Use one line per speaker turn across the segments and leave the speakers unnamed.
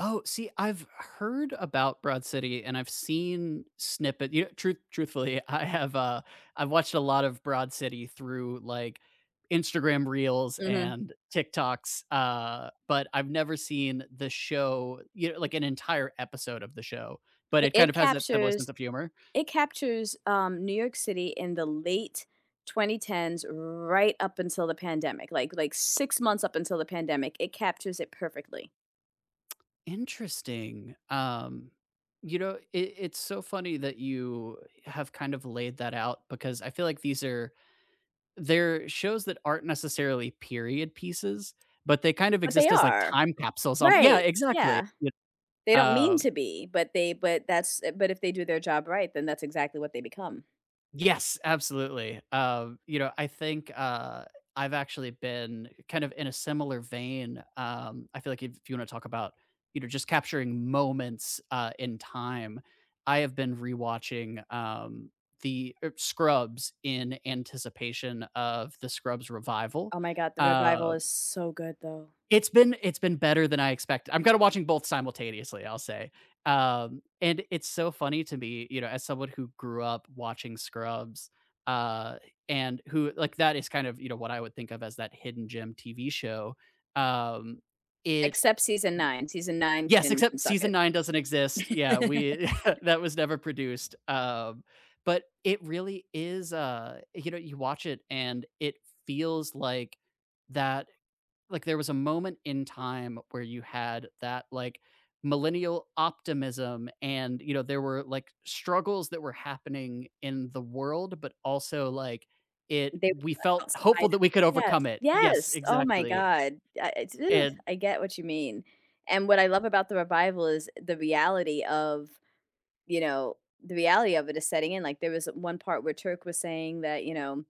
Oh, see, I've heard about Broad City, and I've seen snippet you truth truthfully, I have, uh, I've watched a lot of Broad City through, like, Instagram reels
Mhm.
and TikToks, uh, but I've never seen the show, you know like, an entire episode of the show. But
I
it kind
it
of has a similar sense
captures
of humor.
it captures, um, New York City in the late 2010's right up until the pandemic, like like, 6 months up until the pandemic, it captures it perfectly.
Interesting, um, you know, i it's so funny that you have kind of laid that out because I feel like these are they're shows that aren't necessarily period pieces, but they kind of
But they
exist as, like,
are.
time capsules on Yeah,
Right,
exactly,
yeah.
it
They don't mean
Oh.
to be, but they but that's but if they do their job right, then that's exactly what they become.
Yes, absolutely, um, you know, I think, uh, I've actually been kind of in a similar vein, um, I feel like if you wanna talk about, you know, just capturing moments, uh, in time, I have been rewatching, um, the er Scrubs in anticipation of the Scrubs revival.
Oh my god, the revival
Um
is so good, though.
It's been it's been better than I expect I'm kinda watching both simultaneously, I'll say. Um, and it's so funny to me, you know, as someone who grew up watching Scrubs, uh, and who like, that is kind of, you know, what I would think of as that hidden gem TV show, um, it
Except season 9, season 9
Yes!
can can
Except
suck
season
it.
9 doesn't exist, yeah, we that was never produced, um, but it really is, uh you know, you watch it, and it feels like that like there was a moment in time where you had that, like, millennial optimism, and, you know, there were, like, struggles that were happening in the world, but also, like, it
They were
we
stuck
felt
outside
hopeful
of
that we
it
could
Yes,
overcome it. Yes,
yes! Oh my
exactly.
god. I I ooh,
And
I get what you mean. And what I love about the revival is the reality of, you know the reality of it is setting in like, there was one part where Turk was saying that, you know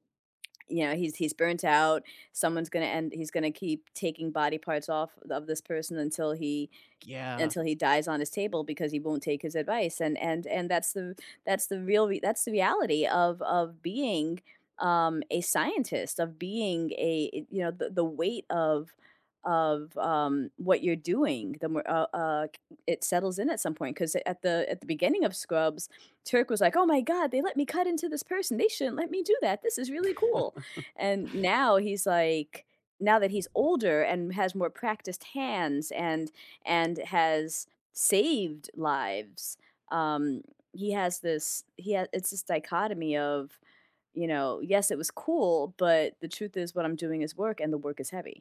you know, he's he's burnt out, someone's gonna end he's gonna keep taking body parts off of this person until he
Yeah.
until dies on his table because he won't take his advice, and and and that's the that's the real rea that's the reality of of being, um, a scientist, of being a you know, the the weight of of, um, what you're doing, the more uh uh, k it settles in at some point, 'cause at the at the beginning of Scrubs, Turk was like, "Oh my god, they let me cut into this person, they shouldn't let me do that. This is really cool," and now, he's like now he's like now that he's older and has more practiced hands and and has saved lives, um, he has this he had it's this dichotomy of, you know, "Yes, it was cool, but the truth is what I'm doing is work, and the work is heavy."